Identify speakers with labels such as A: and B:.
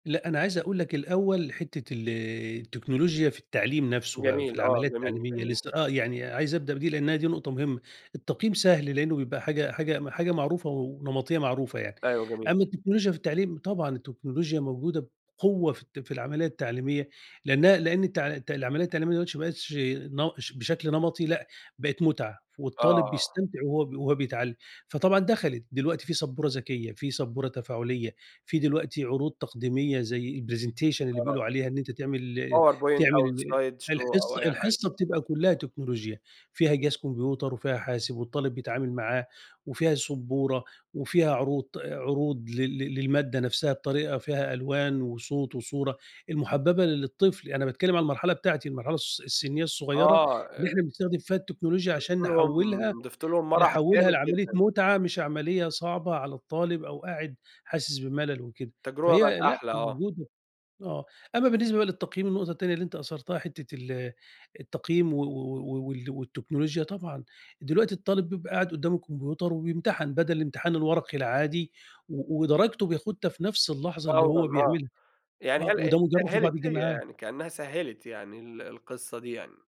A: لأ، أنا عايز أقول لك الأوّل حتّة ال التكنولوجيا في التعليم نفسه بقى، في
B: جميل آه،
A: العملية
B: جميل،
A: التعليمية
B: جميل.
A: لسّه، آه، يعني عايز أبدأ بدي لأن هي دي نقطة مهمّة، التقييم سهل لأنّه بيبقى حاجة حاجة حاجة معروفة ونمطية معروفة يعني،
B: أيوه، جميل.
A: أمّا التكنولوجيا في التعليم طبعًا التكنولوجيا موجودة بقوة في الت في العمليّة التعليمية، لأنها لأن التع الت العمليّة التعليمية دلوقتي ما بقتش ن ش بشكل نمطي لأ، بقت مُتعة،
B: آه،
A: والطالب
B: آه.
A: بيستمتع وهو ب وهو بيتعلِّم، فطبعًا دخلت، دلوقتي في سبورة ذكيّة، في سبورة تفاعلية، في دلوقتي عروض تقديمية زي الpresentation اللي بيقولوا
B: آه.
A: عليها، إن أنت تعمل ال
B: Powerpoint
A: تعمل
B: أو
A: ال
B: SlideShow أو
A: الحصّة
B: أي حاجة.
A: الحصّة بتبقى كلّها تكنولوجيا، فيها جهاز كمبيوتر وفيها حاسب، والطالب بيتعامل معاه، وفيها سُبورة وفيها عروض- عروض لل لل للمادة نفسها بطريقة فيها ألوان وصوت وصورة المُحبّبة ل للطفل، أنا باتكلّم عن المرحلة بتاعتي، المرحلة الس السنية الصغيّرة،
B: آه،
A: اللي
B: أ
A: إحنا بنستخدم فيها التكنولوجيا
B: ضِفت
A: عشان
B: لهم
A: نحولها
B: ضِفت لهم مرح
A: نحولها
B: جامد
A: لعملية
B: جدًا.
A: مُتعة مش عمليّة صعبة على الطالب أو قاعد حاسس بملل وكده.
B: التجربة بقِت
A: فهي لأ
B: أحلى، آه.
A: موجودة، آه، أمّا بالنسبة بقي للتقييم، النقطة التانية اللي أنت أثرتها حتّة ال التقييم و و و و وال والتكنولوجيا طبعًا، دلوقتي الطالب بيبقى قاعد قدّام الكمبيوتر وبيمتحن، بدل امتحان الورقي العادي و ودرجته بياخدها في نفس اللحظة اللي
B: فورًا
A: هو
B: آه،
A: بيعملها،
B: يعني
A: آه،
B: هل هي
A: وده مجرّب في بعض
B: سهّلت، هي
A: الجامعات.
B: يعني كأنها سهّلت يعني ال القصّة دي يعني.